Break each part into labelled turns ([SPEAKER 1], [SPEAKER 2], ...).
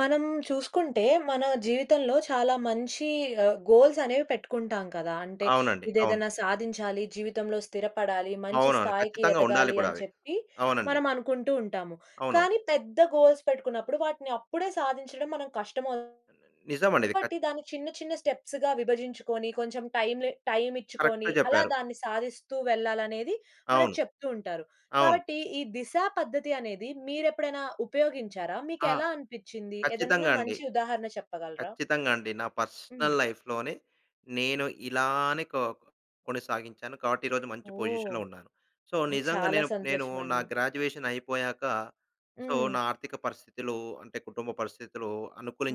[SPEAKER 1] మనం చూసుకుంటే, మన జీవితంలో చాలా మంచి ఆహ్, గోల్స్ అనేవి పెట్టుకుంటాం కదా! అంటే
[SPEAKER 2] అవునండి. అవును.
[SPEAKER 1] ఇదేదైనా సాధించాలి. జీవితంలో స్థిరపడాలి. మంచి
[SPEAKER 2] అవునవును.
[SPEAKER 1] స్థాయికి
[SPEAKER 2] ఖచ్చితంగా ఉండాలి
[SPEAKER 1] ఎదగాలి
[SPEAKER 2] కూడా
[SPEAKER 1] అని
[SPEAKER 2] అవి.
[SPEAKER 1] చెప్పి
[SPEAKER 2] అవునండి.
[SPEAKER 1] మనం అనుకుంటూ ఉంటాము.
[SPEAKER 2] అవును.
[SPEAKER 1] కానీ, పెద్ద గోల్స్ పెట్టుకున్నప్పుడు వాటిని అప్పుడే సాధించడం మనకి కష్టమవుతుంది.
[SPEAKER 2] అవునండి. నిజం అండి ఇది. ఖ
[SPEAKER 1] కాబట్టి దాన్ని చిన్న, చిన్న స్టెప్స్ గా విభజించుకొని, కొంచెం టైం లె టైం ఇచ్చుకొని,
[SPEAKER 2] కరెక్ట్‌గా
[SPEAKER 1] అలా
[SPEAKER 2] చెప్పారు.
[SPEAKER 1] దాన్ని సాధిస్తూ వెళ్ళాలనేది మనకు
[SPEAKER 2] అవును.
[SPEAKER 1] చెప్తూ ఉంటారు.
[SPEAKER 2] అవును.
[SPEAKER 1] కాబట్టి ఈ దిశ పద్ధతి అనేది మీరెప్పుడైనా ఉపయోగించారా?
[SPEAKER 2] ఆ!
[SPEAKER 1] మీకెలా అనిపించింది? ఏదైనా
[SPEAKER 2] ఖచ్చితంగా అండి.
[SPEAKER 1] మంచి ఉదాహరణ చెప్పగలరా?
[SPEAKER 2] ఖచ్చితంగా అండి. నా పర్సనల్
[SPEAKER 1] హ్మ్.
[SPEAKER 2] లైఫ్‌లోనే నేను ఇలానే కొ కొనసాగించాను కాబట్టి ఈరోజు మంచి
[SPEAKER 1] ఓహ్!
[SPEAKER 2] పొజిషన్‌లో ఉన్నాను. సో,
[SPEAKER 1] ఓహ్!
[SPEAKER 2] నిజంగా
[SPEAKER 1] చాలా
[SPEAKER 2] నేను నేను నా
[SPEAKER 1] సంతోషమండి.
[SPEAKER 2] గ్రాడ్యుయేషన్ అయిపోయాక సో,
[SPEAKER 1] హ్మ్.
[SPEAKER 2] నా ఆర్థిక పరిస్థితులు అంటే కుటుంబ పరిస్థితులు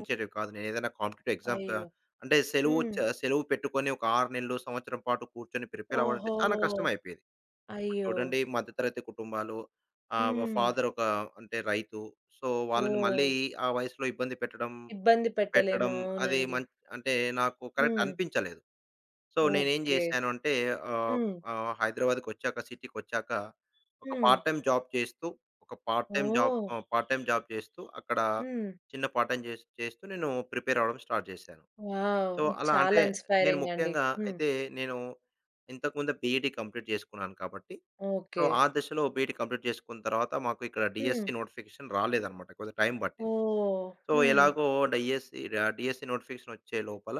[SPEAKER 1] ఓహ్!
[SPEAKER 2] కాదు. నేనేదైనా కాంపిటీటివ్ ఎగ్జామ్స్ క
[SPEAKER 1] అయ్యో!
[SPEAKER 2] అంటే సెలవు చ
[SPEAKER 1] హ్మ్.
[SPEAKER 2] సెలవు పెట్టుకొని ఒక 6 నెలలు, సంవత్సరం పాటు కూర్చొని ప్రిపేర్ అవ్వడం అంటే
[SPEAKER 1] ఓహో!
[SPEAKER 2] చానా కష్టమైపోయేది. ఇప్పుడు
[SPEAKER 1] అయ్యో!
[SPEAKER 2] చూడండి మధ్యతరగతి కుటుంబాలు ఆహ్,
[SPEAKER 1] హ్మ్.
[SPEAKER 2] ఫాదర్ ఒక అంటే రైతు. సో, వాళ్ళని మళ్ళీ
[SPEAKER 1] ఓహ్!
[SPEAKER 2] ఆ వయసులో ఇబ్బంది పెట్టడం,
[SPEAKER 1] ఇబ్బంది పెట్టలేము.
[SPEAKER 2] పెట్టడం అది
[SPEAKER 1] అవునండి.
[SPEAKER 2] మన్ అంటే నాకు కరెక్ట్
[SPEAKER 1] హ్మ్.
[SPEAKER 2] అనిపించలేదు. సో, నేనేం
[SPEAKER 1] ఓకే.
[SPEAKER 2] చేశాను అంటే ఆహ్,
[SPEAKER 1] హ్మ్.
[SPEAKER 2] ఆహ్, హైదరాబాద్‌కొచ్చాక సిటీకొచ్చాక ఒక
[SPEAKER 1] హ్మ్.
[SPEAKER 2] పార్ట్ టైమ్ జాబ్ చేస్తూ, ఒక పార్ట్ టైమ్ జాబ్,
[SPEAKER 1] ఓహ్!
[SPEAKER 2] ఆహ్, పార్ట్ టైమ్ జాబ్ చేస్తూ, అక్కడ
[SPEAKER 1] హ్మ్.
[SPEAKER 2] చిన్న పార్ట్ టైమ్ చే చేస్తూ నేను ప్రిపేర్ అవ్వడం స్టార్ట్ చేశాను.
[SPEAKER 1] వావ్!
[SPEAKER 2] సో, అలా
[SPEAKER 1] చాలా
[SPEAKER 2] అంటే, నేను
[SPEAKER 1] ఇన్స్‌పైరింగండి!
[SPEAKER 2] ముఖ్యంగా
[SPEAKER 1] హ్మ్.
[SPEAKER 2] అయితే నేను ఇంతకుముందే బీఈడీ కంప్లీట్ చేసుకున్నాను కాబట్టి, సో,
[SPEAKER 1] ఓకే.
[SPEAKER 2] ఆ దశలో బీఈడీ కంప్లీట్ చేసుకున్న తరువాత మాకు ఇక్కడ డీఎస్‌సీ
[SPEAKER 1] హ్మ్.
[SPEAKER 2] నోటిఫికేషన్ రాలేదన్నమాట. కొద్దిగా టైం పట్టింది.
[SPEAKER 1] ఓహ్!
[SPEAKER 2] సో,
[SPEAKER 1] హ్మ్.
[SPEAKER 2] ఎలాగో డీఎస్‌సీ ఆహ్, డీఎస్‌సీ నోటిఫికేషన్ ఒచ్చే లోపల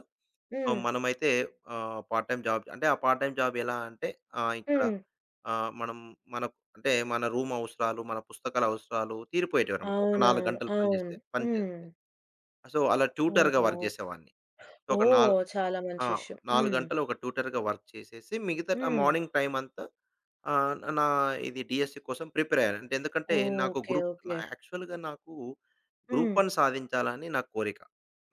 [SPEAKER 2] ఆహ్,
[SPEAKER 1] హ్మ్.
[SPEAKER 2] మనమైతే ఆహ్, పార్ట్ టైమ్ జాబ్ అంటే ఆ పార్ట్ టైమ్ జాబ్ ఎలా అంటే ఆహ్, ఇక్కడ
[SPEAKER 1] హ్మ్.
[SPEAKER 2] ఆహ్, మనం మన అంటే మన రూమ్ అవసరాలు, మన పుస్తకాల అవసరాలు తీరిపోయేటివన్నమాట. ఒక 4
[SPEAKER 1] అవునవును.
[SPEAKER 2] గంటలు
[SPEAKER 1] అవును.
[SPEAKER 2] పనిచేస్తే, పనిచేస్తే.
[SPEAKER 1] హ్మ్.
[SPEAKER 2] ఆ! సో, అలా ట్యూటర్‌గా
[SPEAKER 1] ఓహో!
[SPEAKER 2] వర్క్ చేసేవాడిని. సో, ఒక నాల్
[SPEAKER 1] ఓహ్! చాలా
[SPEAKER 2] ఆ!
[SPEAKER 1] మంచి విషయం.
[SPEAKER 2] 4
[SPEAKER 1] హ్మ్.
[SPEAKER 2] గంటలు ఒక ట్యూటర్‌గా వర్క్ చేసేసి, మిగతా ట్
[SPEAKER 1] హ్మ్.
[SPEAKER 2] మార్నింగ్ టైమ్ అంతా ఆహ్, నా ఇది డీఎస్‌సీ కోసం ప్రిపేర్ అయ్యాను. అంటే ఎందుకంటే, నాకు
[SPEAKER 1] ఓకే.
[SPEAKER 2] గ్రూప్ న
[SPEAKER 1] ఓకే.
[SPEAKER 2] యాక్చువల్‌గా నాకు
[SPEAKER 1] హ్మ్.
[SPEAKER 2] గ్రూప్-1 సాధించాలని నా కోరిక.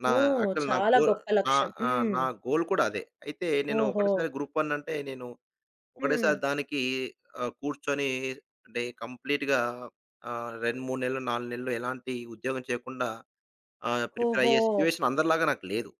[SPEAKER 2] నా
[SPEAKER 1] ఓహ్!
[SPEAKER 2] యాక్చువల్ నా
[SPEAKER 1] చాలా
[SPEAKER 2] గోల్
[SPEAKER 1] గొప్ప
[SPEAKER 2] ఆ!
[SPEAKER 1] లక్ష్యం!
[SPEAKER 2] ఆ!
[SPEAKER 1] హ్మ్.
[SPEAKER 2] నా గోల్ కూడా అదే. అయితే నేను
[SPEAKER 1] ఓహో!
[SPEAKER 2] ఒకటేసారి గ్రూప్-1 అంటే నేను ఒకటేసారి
[SPEAKER 1] హ్మ్.
[SPEAKER 2] దానికి ఆహ్, కూర్చొని అంటే కంప్లీట్‌గా ఆహ్, 2, 3 నెలలు, 4 నెలలు ఎలాంటి ఉద్యోగం చేయకుండా ఆహ్, ప్రిపేర్ అయ్యే
[SPEAKER 1] ఓహో!
[SPEAKER 2] సిచ్యువేషన్ అందరిలాగా నాకు లేదు.